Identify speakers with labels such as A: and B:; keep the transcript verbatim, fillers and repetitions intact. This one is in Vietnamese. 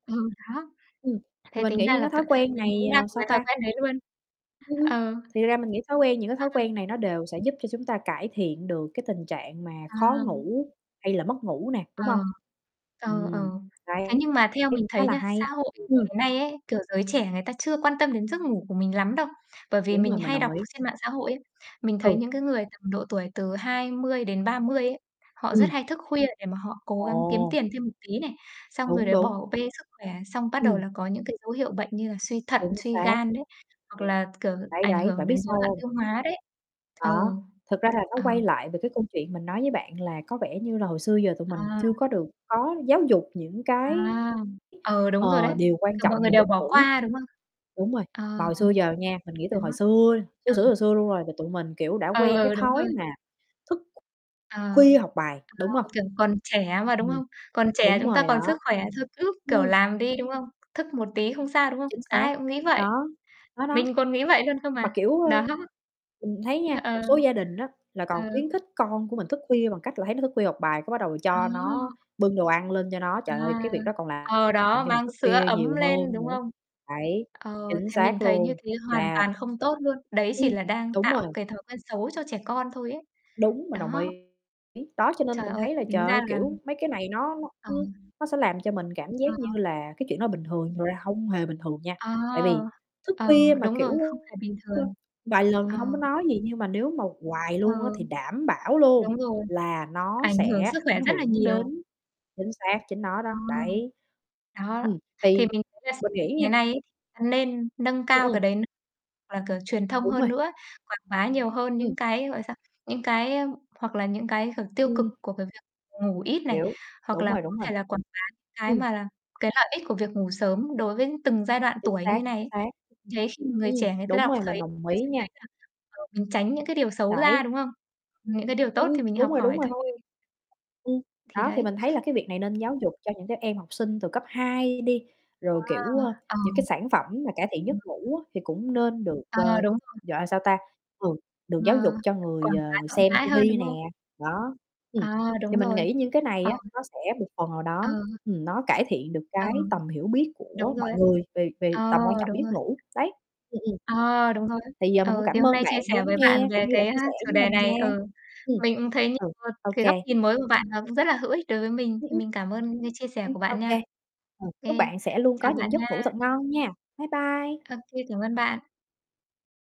A: Ừ, đó.
B: Ừm, thì
A: Thế
B: mình
A: tính
B: nghĩ
A: ra
B: những
A: là
B: cái
A: v
B: thói quen
A: mình
B: này,
A: cũng đang
B: ờ,
A: có
B: sao
A: thói
B: ta?
A: quen đấy luôn.
B: Ừm, ừm.
A: Ờ.
B: Thì ra mình nghĩ thói quen những cái thói
A: Ờ.
B: quen này nó đều sẽ giúp cho chúng ta cải thiện được cái tình trạng mà khó
A: À.
B: ngủ hay là mất ngủ nè, đúng hông?
A: Ờ, ờ, ờ.
B: Ừm,
A: Thế
B: hay,
A: nhưng mà theo
B: thấy
A: mình
B: khá
A: thấy
B: là
A: nha, xã
B: hay,
A: hội, kiểu,
B: ừm.
A: ngày nay ấy, kiểu, giới trẻ người ta chưa quan tâm đến giấc ngủ của mình lắm đâu. Bởi vì
B: Đúng
A: mình
B: rồi, mình
A: hay
B: đồng
A: đọc
B: ý.
A: trên mạng xã hội ấy, mình thấy
B: Ừ.
A: những cái người tầm độ tuổi từ hai mươi đến ba mươi ấy, họ rất
B: Ừm.
A: hay thức khuya để mà họ cố gắng kiếm
B: Ồ.
A: tiền thêm một tí này, xong rồi
B: Đúng,
A: lại
B: đúng.
A: bỏ bê sức khỏe, xong bắt đầu
B: Ừm.
A: là có những cái dấu hiệu bệnh như là suy thận,
B: Chính
A: suy
B: xác. Ừm,
A: gan đấy, hoặc là, kiểu,
B: đấy,
A: ảnh
B: đấy,
A: hưởng
B: bạn biết
A: đến rối
B: sao
A: loạn
B: hông?
A: tiêu hóa đấy. Ừ,
B: Đó, thực ra là nó
A: ờ.
B: quay lại về cái câu chuyện mình nói với bạn là có vẻ như là hồi xưa giờ tụi mình
A: À.
B: chưa có được có giáo dục những
A: À,
B: cái,
A: ừ, đúng rồi
B: ờ,
A: đấy,
B: điều quan
A: kiểu,
B: trọng
A: mọi người
B: về
A: đều
B: giấc
A: bỏ
B: ngủ.
A: qua, đúng không?
B: Đúng rồi,
A: Ờ,
B: mà hồi xưa giờ nha, mình nghĩ từ
A: đó.
B: hồi xưa, xưa
A: Ừ.
B: xửa xừa xưa luôn rồi thì tụi mình, kiểu, đã
A: Ừ,
B: quen cái
A: ừ, đúng
B: thói
A: rồi.
B: mà thức
A: Ờ,
B: khuya học bài, đúng hông?
A: ờ, kiểu, còn trẻ mà, đúng
B: Ừm,
A: không? Còn trẻ
B: đúng
A: chúng ta
B: rồi
A: còn sức
B: đó.
A: khỏe thôi cứ, kiểu,
B: Ừm.
A: làm đi, đúng không? Thức một tí không sao, đúng không?
B: Chính xác,
A: Ai cũng nghĩ vậy.
B: đó, đó, đó.
A: Mình còn nghĩ vậy luôn cơ
B: Mà,
A: mà.
B: kiểu, ơ,
A: Đó.
B: mình thấy nha,
A: Ơ,
B: một
A: ờ.
B: số gia đình á là còn
A: Ờ.
B: khuyến khích con của mình thức khuya bằng cách là thấy nó thức khuya học bài cái bắt đầu cho nó
A: Ồ!
B: bưng đồ ăn lên cho nó.
A: À.
B: Trời ơi, cái việc đó còn làm
A: Ờ,
B: làm
A: đó
B: cho mình
A: mang
B: thức
A: sữa
B: khuya
A: ấm
B: nhiều
A: lên,
B: hơn
A: đúng
B: nữa.
A: không?
B: Đấy,
A: Ờ,
B: chính
A: thì mình
B: xác
A: thấy như
B: luôn,
A: thế hoàn
B: là
A: toàn không tốt luôn. Đấy
B: Ừm,
A: chỉ là đang
B: đúng
A: tạo
B: rồi
A: cái thói quen xấu cho trẻ con thôi ấy.
B: Đúng, mình đồng
A: Đó.
B: ý. Đó, cho nên
A: Trời
B: mình
A: ơi,
B: thấy là,
A: thì tính
B: trời
A: ra
B: ơi,
A: là
B: kiểu, mấy cái này nó nó,
A: Ờ.
B: ưm, nó sẽ làm cho mình cảm
A: À,
B: giác như
A: [unintelligible]
B: là cái chuyện đó bình thường, thật ra không hề bình thường nha.
A: Ờ.
B: Tại vì thức
A: Ờ,
B: khuya mà,
A: đúng rồi,
B: kiểu, ơ,
A: không phải bình thường.
B: vài lần thì
A: Ờ.
B: hông có nói gì nhưng mà nếu mà hoài
A: Ờ.
B: luôn á thì đảm bảo luôn
A: Đúng rồi,
B: là nó
A: ảnh hưởng
B: sẽ
A: sức
B: ảnh
A: khỏe rất là
B: hưởng
A: nhiều.
B: đến chính xác, chính nó đó,
A: Ờ.
B: đấy.
A: Đó,
B: Ừm,
A: thì
B: thì
A: mình thấy là s
B: mình nghĩ
A: ngày
B: nha
A: nay ấy nên nâng
B: Ừm,
A: cao cái
B: ừm.
A: đấy n hoặc là kiểu truyền thông
B: Đúng
A: hơn
B: rồi.
A: nữa, quảng bá nhiều hơn
B: Ừm.
A: những cái, gọi là sao, những cái, ơ hoặc là những cái, kiểu, tiêu cực
B: Ừm.
A: của cái việc ngủ ít này,
B: Hiếu,
A: hoặc
B: đúng
A: là
B: rồi,
A: có
B: đúng rồi.
A: thể là quảng bá những cái
B: Ừm.
A: mà là cái lợi ích của việc ngủ sớm đối với từng giai đoạn
B: Chính
A: tuổi như
B: xác,
A: thế này
B: chính
A: ấy.
B: xác.
A: Thế khi người
B: Ừm,
A: trẻ người ta
B: đúng
A: đọc
B: rồi, mình
A: thấy
B: đồng
A: ta
B: ý
A: sẽ thấy
B: nha.
A: rằng cần nên tránh những cái điều xấu ra,
B: Đấy.
A: đúng không? Những cái điều
B: Ưm,
A: tốt
B: ưm,
A: thì mình học
B: đúng rồi, đúng
A: hỏi
B: rồi.
A: thôi.
B: Ừm,
A: Thì
B: đó, thì
A: đấy.
B: mình thấy là cái việc này nên giáo dục cho những cái em học sinh từ cấp hai đi, rồi, kiểu,
A: Wow!
B: ơ,
A: Ờ.
B: những cái sản phẩm mà cải thiện
A: Ừm.
B: giấc ngủ á thì cũng nên được, ờ,
A: Ờ, đúng rồi.
B: gọi là, sao ta, ừ, được
A: Ờ,
B: giáo dục cho người,
A: quảng bá
B: ờ, người
A: rộng
B: xem
A: rãi
B: ti
A: hơn,
B: vi
A: đúng
B: nè,
A: không?
B: đó. Ừm,
A: À, đúng
B: thì mình
A: rồi,
B: nghĩ những cái này
A: ờ.
B: á nó sẽ một phần nào đó,
A: Ờ.
B: ừm, nó cải thiện được
A: Ờ.
B: cái tầm hiểu biết của
A: Đúng rồi
B: mọi
A: ấy.
B: người về về
A: Ờ,
B: tầm quan trọng
A: đúng
B: giấc
A: rồi.
B: ngủ, đấy, ừm, ừm.
A: Ờ, đúng rồi ấy.
B: Thì giờ mình cũng
A: Ừ, thì
B: cảm
A: hôm
B: ơn
A: nay chia
B: bạn đã
A: sẻ
B: lắng
A: với bạn
B: nghe,
A: về
B: cũng như đã
A: cái
B: chia
A: á
B: sẻ
A: chủ
B: với
A: đề
B: mình nha.
A: này ừ.
B: Ừm,
A: Mình cũng thấy như
B: ừ,
A: một
B: ô
A: cái góc
B: kê.
A: nhìn mới của bạn nó cũng rất là hữu ích đối với mình,
B: Ưm,
A: thì
B: ưm.
A: mình cảm ơn những chia sẻ
B: Ưm,
A: của
B: ô
A: bạn
B: kê,
A: nha.
B: ờ, chúc
A: Kê,
B: bạn sẽ luôn có
A: chào bạn
B: những giấc ngủ
A: nha.
B: thật ngon nha. Bye bye.
A: Ô kê, cảm ơn bạn.